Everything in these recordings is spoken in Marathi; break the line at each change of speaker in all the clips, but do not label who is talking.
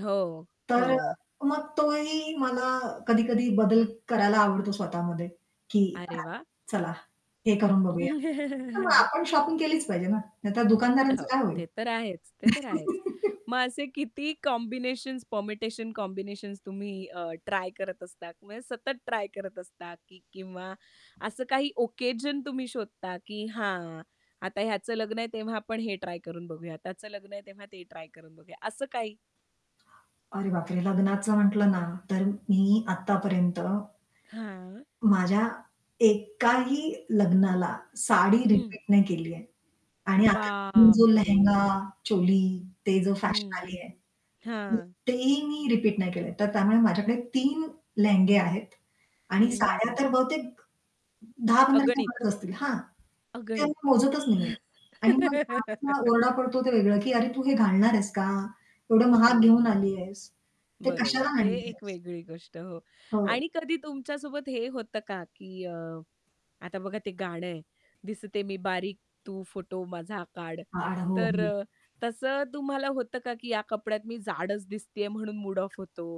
हो,
तर अ,
हो.
मग तोही मला कधी-कधी बदल करायला आवडतो स्वतःमध्ये. की
अरे वाह!
चला, हे करून बघूया. मग आपण शॉपिंग केलीच पाहिजे ना, नाहीतर दुकानदारांचं
हां,
काय होईल?
ते तर आहेच. ते तर आहेच. मग असे किती कॉम्बिनेशन्स, परमिटेशन-कॉम्बिनेशन्स तुम्ही अ, ट्राय करत असता? म्हणजे सतत ट्राय करत असता की किंवा असं काही ऑकेजन तुम्ही शोधता, की "हां, आता ह्याचं लग्न आहे तेव्हा आपण हे ट्राय करून बघूया, त्याचं लग्न आहे तेव्हा ते ट्राय करून बघूया," असं काही.
अरे बापरे! लग्नाचं म्हटलं ना, तर मी आत्तापर्यंत
हां.
माझ्या एकाही लग्नाला साडी
हं.
रिपीट नाही केली आहे. आणि आता जो लेहेंगा,
बापरे!
चोली ते जो
हं,
फॅशन
हं,
आली आहे.
हां.
तेही मी रिपीट नाही केलं. तर त्यामुळे माझ्याकडे 3 लेहंगे आहेत आणि साड्या
हं.
तर बहुतेक 10-15
अगणित.
च्यावर असतील हां, ते
अगणित.
मोजतच नाहीये. आणि मग [unintelligible] ओरडा पडतो ते वेगळं, की "अरे, तू हे घालणार आहेस का?
अ,
एवढं महाग घेऊन
हां.
आली आहेस. ते
बरोबर,
कशाला"
ते
"आणलेस?"
एक वेगळी गोष्ट हो.
हो.
आणि कधी तुमच्यासोबत हे होतं का, की अ, आता बघा ते गाणं आहे, दिसते मी बारीक, तू फोटो माझा काढ.
[unintelligible] हो,
तर
हो.
अ, तसं तुम्हाला होतं का, की या कपड्यात मी जाडच दिसतेय म्हणून मूड ऑफ होतो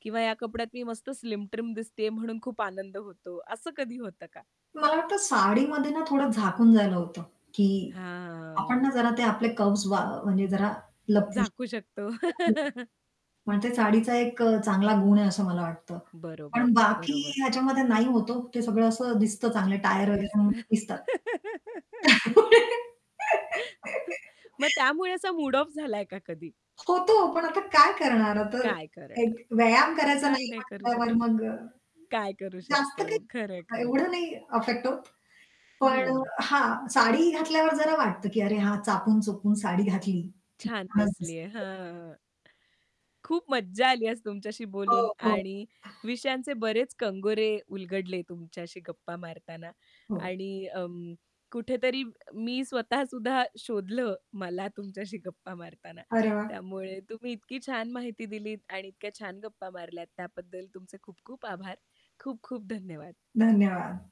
किंवा या कपड्यात मी मस्त स्लिम-ट्रिम दिसतीये म्हणून खूप आनंद होतो, असं कधी होतं का?
मला वाटतं साडीमध्ये ना थोडं झाकून जायला होतं, की आपण
हां.
ना जरा ते आपले कर्वज म्हणजे जरा लपवू
झाकू
शकतो.
शकतो.
[unintelligible] पण ते साडीचा एक अ, चांगला गुण आहे असं मला वाटतं.
बरोबर.
पण बाकी
बरोबर.
ह्याच्यामध्ये नाही होत हो, ते सगळं असं दिसतं. चांगलं टायर वगैरे
दिसण.
[unintelligible] दिसतात.
मग त्यामुळे असा मूड ऑफ झालाय का कधी?
होतो पण आता काय करणार? आता
काय करणार?
एक व्यायाम करायचा
काही
नाही
नाही करू
म्हटल्यावर
शकत.
मग अ,
काय करू
जास्त
शकतो? खरं आहे,
काही
खरं आहे.
एवढं नाही अफेक्ट होत. पण
हं.
हां. साडी घातल्यावर जरा वाटतं की "अरे हा चापून चोपून साडी घातली," "की
छान
छानचं
नेसली
दिसते."
आहे. हां. खूप मज्जा आली आज तुमच्याशी
हो,
बोलून
हो.
आणि विषयांचे बरेच कंगोरे उलगडले तुमच्याशी गप्पा मारताना
हो.
आणि अं, कुठेतरी मी स्वतःसुद्धा शोधलं मला तुमच्याशी गप्पा मारताना,
अरे वाह!
त्यामुळे तुम्ही इतकी छान माहिती दिलीत आणि इतक्या छान गप्पा मारल्यात त्याबद्दल तुमचे खूप-खूप आभार, खूप-खूप धन्यवाद.
धन्यवाद.